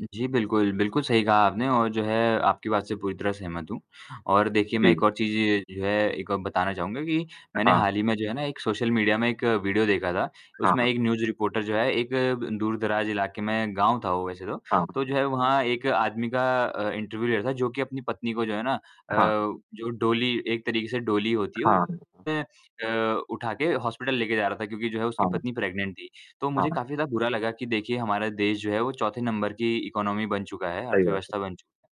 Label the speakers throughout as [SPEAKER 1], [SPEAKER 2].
[SPEAKER 1] जी बिल्कुल, बिल्कुल सही कहा आपने और जो है आपकी बात से पूरी तरह सहमत हूँ और देखिए मैं एक
[SPEAKER 2] जी।
[SPEAKER 1] और चीज़ जो है एक और बताना चाहूँगा कि मैंने
[SPEAKER 2] हाँ।
[SPEAKER 1] हाल ही में जो है ना एक सोशल मीडिया में 1 वीडियो देखा था। उसमें
[SPEAKER 2] हाँ।
[SPEAKER 1] एक न्यूज़ रिपोर्टर जो है एक दूर-दराज इलाके में गाँव था, वो वैसे तो।
[SPEAKER 2] हाँ।
[SPEAKER 1] तो जो है वहाँ एक आदमी का अ, इंटरव्यू ले रहा था जो कि अपनी पत्नी को जो है ना अ,
[SPEAKER 2] अ, हाँ।
[SPEAKER 1] जो डोली एक तरीके से डोली होती है
[SPEAKER 2] अ, हाँ।
[SPEAKER 1] है उसमे अ, उठा के हॉस्पिटल लेकर जा रहा था क्योंकि जो है उसकी
[SPEAKER 2] हाँ।
[SPEAKER 1] पत्नी प्रेग्नेंट थी। तो मुझे
[SPEAKER 2] हाँ।
[SPEAKER 1] काफ़ी ज़्यादा बुरा लगा कि देखिए हमारा देश जो है वो चौथे नंबर की इकॉनमी बन चुका है,
[SPEAKER 2] सही बात है।
[SPEAKER 1] अर्थव्यवस्था बन चुका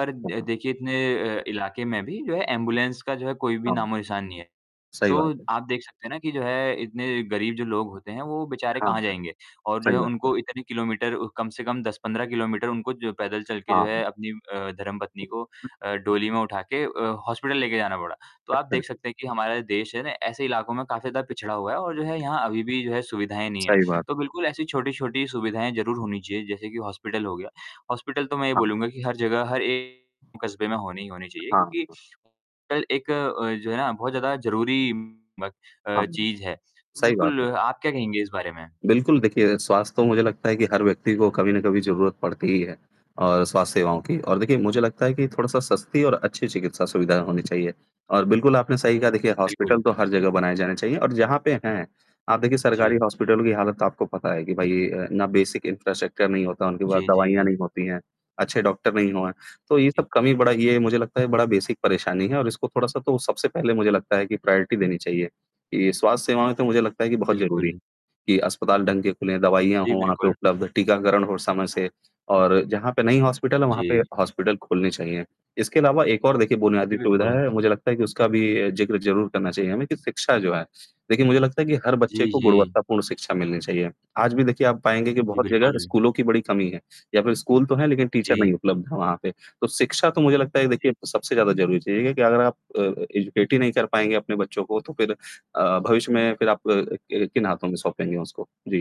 [SPEAKER 1] है। पर
[SPEAKER 2] हुँ,
[SPEAKER 1] अ,
[SPEAKER 2] हाँ।
[SPEAKER 1] देखिए इतने अ, इलाके में भी जो है एम्बुलेंस का जो है, कोई भी
[SPEAKER 2] हाँ।
[SPEAKER 1] नामो निशान नहीं है।
[SPEAKER 2] सही
[SPEAKER 1] तो
[SPEAKER 2] बात है।
[SPEAKER 1] आप देख सकते हैं ना कि जो है इतने गरीब जो लोग होते हैं, वो बेचारे
[SPEAKER 2] हाँ,
[SPEAKER 1] कहाँ
[SPEAKER 2] जी।
[SPEAKER 1] जाएँगे और जो है
[SPEAKER 2] सही बात है।
[SPEAKER 1] उनको इतने किलोमीटर कम से कम 10-15 किलोमीटर उनको जो पैदल चलकर जो है
[SPEAKER 2] हाँ।
[SPEAKER 1] अपनी अ, धर्मपत्नी को अ, डोली में उठा के अ, हॉस्पिटल लेकर जाना पड़ा। तो आप
[SPEAKER 2] अच्छा।
[SPEAKER 1] देख सकते हैं कि हमारा देश है ना ऐसे इलाकों में काफ़ी ज़्यादा पिछड़ा हुआ है और जो है यहाँ अभी भी जो है सुविधाएँ नहीं है।
[SPEAKER 2] सही बात
[SPEAKER 1] तो
[SPEAKER 2] है।
[SPEAKER 1] बिल्कुल ऐसी छोटी-छोटी सुविधाएँ ज़रूर होनी चाहिए जैसे कि हॉस्पिटल हो गया। हॉस्पिटल तो मैं ये
[SPEAKER 2] हाँ।
[SPEAKER 1] बोलूँगा कि हर जगह हर एक कस्बे में होनी ही होनी चाहिए
[SPEAKER 2] हाँ,
[SPEAKER 1] क्योंकि
[SPEAKER 2] हाँ।
[SPEAKER 1] हॉस्पिटल एक जो है ना बहुत ज़्यादा ज़रूरी म
[SPEAKER 2] हाँ।
[SPEAKER 1] चीज़ है।
[SPEAKER 2] सही बात
[SPEAKER 1] बिल्कुल
[SPEAKER 2] है।
[SPEAKER 1] आप क्या कहेंगे इस बारे में?
[SPEAKER 2] बिल्कुल, देखिए स्वास्थ्य तो मुझे लगता है कि हर व्यक्ति को कभी न कभी ज़रूरत पड़ती ही है और स्वास्थ्य सेवाओं की और देखिए मुझे लगता है कि थोड़ा-सा सस्ती और अच्छी चिकित्सा सुविधा होनी चाहिए और बिल्कुल आपने सही कहा देखिए हॉस्पिटल
[SPEAKER 1] बिल्कुल।
[SPEAKER 2] तो हर जगह बनाए जाने चाहिए और जहाँ पे हैं आप देखिए सरकारी
[SPEAKER 1] जी।
[SPEAKER 2] हॉस्पिटल की हालत तो आपको पता है कि भाई अ, ना बेसिक इंफ्रास्ट्रक्चर नहीं होता, उनके पास
[SPEAKER 1] जी,
[SPEAKER 2] दवाइयाँ
[SPEAKER 1] जी।
[SPEAKER 2] नहीं होती हैं, अच्छे डॉक्टर नहीं हैं। तो ये सब कमी बड़ा ये मुझे लगता है बड़ा बेसिक परेशानी है और इसको थोड़ा-सा तो सबसे पहले मुझे लगता है कि प्रायोरिटी देनी चाहिए। ये स्वास्थ्य सेवाएँ तो मुझे लगता है कि बहुत ज़रूरी है
[SPEAKER 1] बिल्कुल।
[SPEAKER 2] कि अस्पताल ढंग के खुलें, दवाइयां
[SPEAKER 1] जी,
[SPEAKER 2] हों वहाँ पे
[SPEAKER 1] बिल्कुल।
[SPEAKER 2] उपलब्ध, टीकाकरण हो समय से और जहाँ पे नहीं हॉस्पिटल है वहाँ पे
[SPEAKER 1] जी।
[SPEAKER 2] हॉस्पिटल खोलने चाहिए। इसके अलावा एक और देखिए बुनियादी
[SPEAKER 1] जी,
[SPEAKER 2] सुविधा
[SPEAKER 1] बिल्कुल।
[SPEAKER 2] है, मुझे लगता है कि उसका भी जिक्र ज़रूर करना चाहिए हमें कि शिक्षा जो है। देखिए मुझे लगता है कि हर बच्चे
[SPEAKER 1] जी,
[SPEAKER 2] को
[SPEAKER 1] जी।
[SPEAKER 2] गुणवत्तापूर्ण शिक्षा मिलनी चाहिए। आज भी देखिए आप पाएँगे कि
[SPEAKER 1] जी,
[SPEAKER 2] बहुत जगह
[SPEAKER 1] बिल्कुल।
[SPEAKER 2] स्कूलों की बड़ी कमी है या फिर स्कूल तो है लेकिन टीचर
[SPEAKER 1] जी।
[SPEAKER 2] नहीं उपलब्ध है वहाँ पे। तो शिक्षा तो मुझे लगता है, देखिए
[SPEAKER 1] जी।
[SPEAKER 2] सबसे ज़्यादा ज़रूरी चीज़ है कि अगर आप अ, एजुकेट ही नहीं कर पाएँगे अपने बच्चों को तो फिर अ, भविष्य में फिर आप कि किन हाथों में सौंपेंगे उसको? जी।